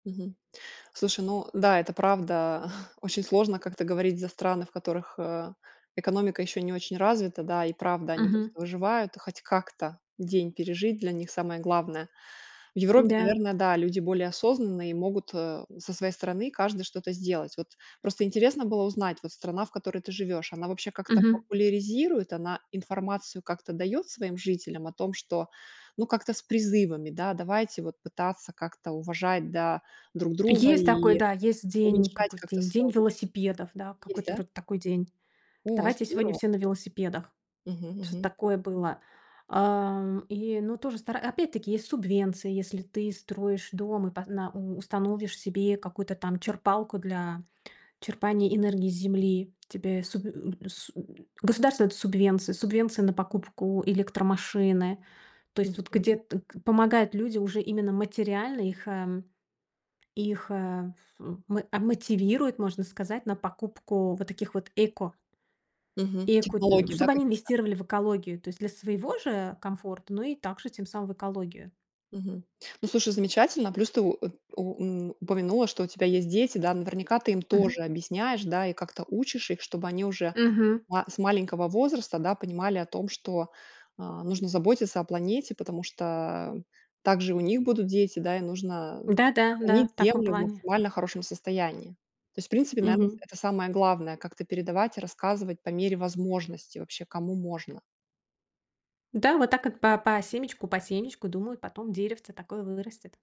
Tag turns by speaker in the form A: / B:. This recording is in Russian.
A: Мгм. Слушай, ну да, это правда. Очень сложно как-то говорить за страны, в которых, а, экономика еще не очень развита, да. И правда, они
B: Мгм.
A: просто выживают и хоть как-то день пережить- для них самое главное. В Европе,
B: М-да.
A: наверное, да, люди более осознанные и могут, э, со своей стороны каждый что-то сделать. Вот просто интересно было узнать, вот страна, в которой ты живешь, она вообще как-то
B: Мгм.
A: популяризирует, она информацию как-то дает своим жителям о том, что, ну, как-то с призывами, да: давайте вот пытаться как-то уважать, да, друг друга
B: Есть такой,
A: и
B: да, есть день,
A: уменьшать
B: какой
A: как-то.
B: день? День
A: [unintelligible]
B: велосипедов. Да,
A: Есть,
B: какой-то
A: да?
B: вроде такой день.
A: О,
B: Давайте сегодня
A: здорово.
B: все на велосипедах.
A: Мгм,
B: Что-то
A: мгм.
B: такое было. Ам, и, ну, тоже стара опять-таки есть субвенция. Если ты строишь дом и по на у установишь себе какую-то там черпалку для черпания энергии с земли. Тебе суб э, э, су государство дает субвенцию, субвенция на покупку электромашины. То есть вот,
A: Мгм.
B: где т к помогают люди уже именно материально. Их, э, их, э, ф у мо а, мотивируют, можно сказать, на покупку вот таких вот эко.
A: Мгм.
B: И эко, ну,
A: Технологии, да,
B: чтобы они
A: какие-то?
B: инвестировали в экологию, то есть для своего же комфорта, ну, и также тем самым в экологию.
A: Мгм. Ну, слушай, замечательно, плюс ты у у э, ун упомянула, что у тебя есть дети, да. Наверняка ты им
B: Мгм.
A: тоже объясняешь, да, и как-то учишь их, чтобы они уже
B: Мгм.
A: ма с маленького возраста, да, понимали о том, что, а, нужно заботиться о планете. Потому что также и у них будут дети, да, и нужно
B: Да, да, да,
A: сохранить
B: в таком
A: Землю в
B: плане.
A: максимально хорошем состоянии. То есть, в принципе, наверно, с
B: Мгм.
A: это самое главное как-то передавать и рассказывать по мере возможности, вообще, кому можно.
B: Да, вот так вот, по по семечку, по семечку, думаю, потом деревце такое вы вырастет.